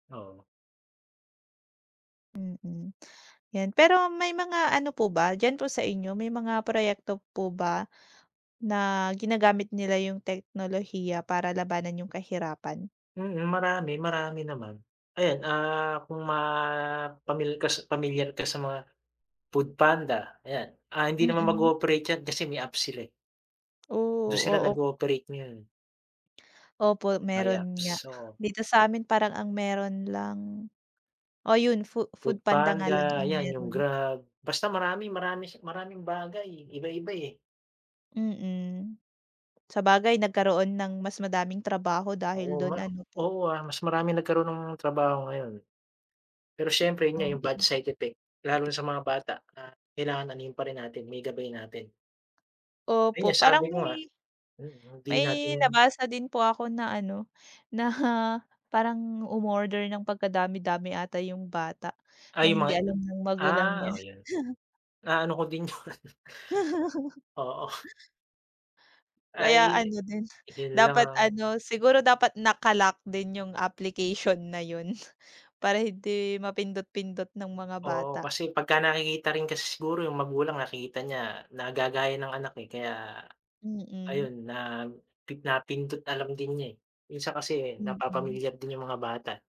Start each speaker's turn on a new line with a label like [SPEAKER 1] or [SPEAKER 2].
[SPEAKER 1] Oo.
[SPEAKER 2] Mm, ’yan. Pero may mga ano po ba diyan po sa inyo, may mga proyekto po ba na ginagamit nila yung teknolohiya para labanan yung kahirapan?
[SPEAKER 1] Mm, marami, marami naman. Ayan, ah, kung ma pamil kas pamilyar ka sa mga food panda, ayan. Ah, hindi naman
[SPEAKER 2] Mm.
[SPEAKER 1] mag-o-operate 'yan kasi may apps sila, eh. Do'n sila
[SPEAKER 2] Oh, oop
[SPEAKER 1] nag-o-operate ngayon.
[SPEAKER 2] Opo,
[SPEAKER 1] May apps,
[SPEAKER 2] meron nga.
[SPEAKER 1] so
[SPEAKER 2] Dito sa amin, parang ang meron lang, oh 'yon fu
[SPEAKER 1] Food
[SPEAKER 2] food panda nga lang
[SPEAKER 1] Panda,
[SPEAKER 2] ang
[SPEAKER 1] 'yan yung
[SPEAKER 2] meron.
[SPEAKER 1] Grab. Basta, marami-marami si maraming bagay, eh, iba-iba, eh.
[SPEAKER 2] Mm. Sabagay, nagkaroon ng mas madaming trabaho
[SPEAKER 1] Oo,
[SPEAKER 2] dahil do'n,
[SPEAKER 1] ma
[SPEAKER 2] ano po?
[SPEAKER 1] oo, ah, mas marami nagkaroon ng trabaho ngayon. Pero siyempre yun nga, yung bad
[SPEAKER 2] Oo.
[SPEAKER 1] side effect, lalo na sa mga bata na kailangan anuhin pa rin natin, maigabay natin. Ayun
[SPEAKER 2] Opo,
[SPEAKER 1] sabi
[SPEAKER 2] parang
[SPEAKER 1] mo nga,
[SPEAKER 2] may
[SPEAKER 1] mm, hindi
[SPEAKER 2] may
[SPEAKER 1] natin
[SPEAKER 2] nabasa din po ako na ano, na parang umorder ng pagkadami-dami ata yung bata na
[SPEAKER 1] Ay, yung
[SPEAKER 2] hindi
[SPEAKER 1] mga
[SPEAKER 2] alam ng magulang niya.
[SPEAKER 1] ah, oh, yun. Naano ko din 'yon. Oo.
[SPEAKER 2] Kaya
[SPEAKER 1] Ay,
[SPEAKER 2] ano din,
[SPEAKER 1] iyon
[SPEAKER 2] dapat
[SPEAKER 1] lang.
[SPEAKER 2] ano, siguro dapat naka-lock din yung application na 'yon, para hindi mapindot-pindot ng mga
[SPEAKER 1] Oo,
[SPEAKER 2] bata.
[SPEAKER 1] kasi pagka nakikita rin kasi siguro yung magulang, nakita niya na gagaya ng anak, eh, kaya
[SPEAKER 2] Mm.
[SPEAKER 1] ayun napi napindot, alam din niya, eh. Minsan kasi eh,
[SPEAKER 2] Mm.
[SPEAKER 1] napapamilyar din yung mga bata.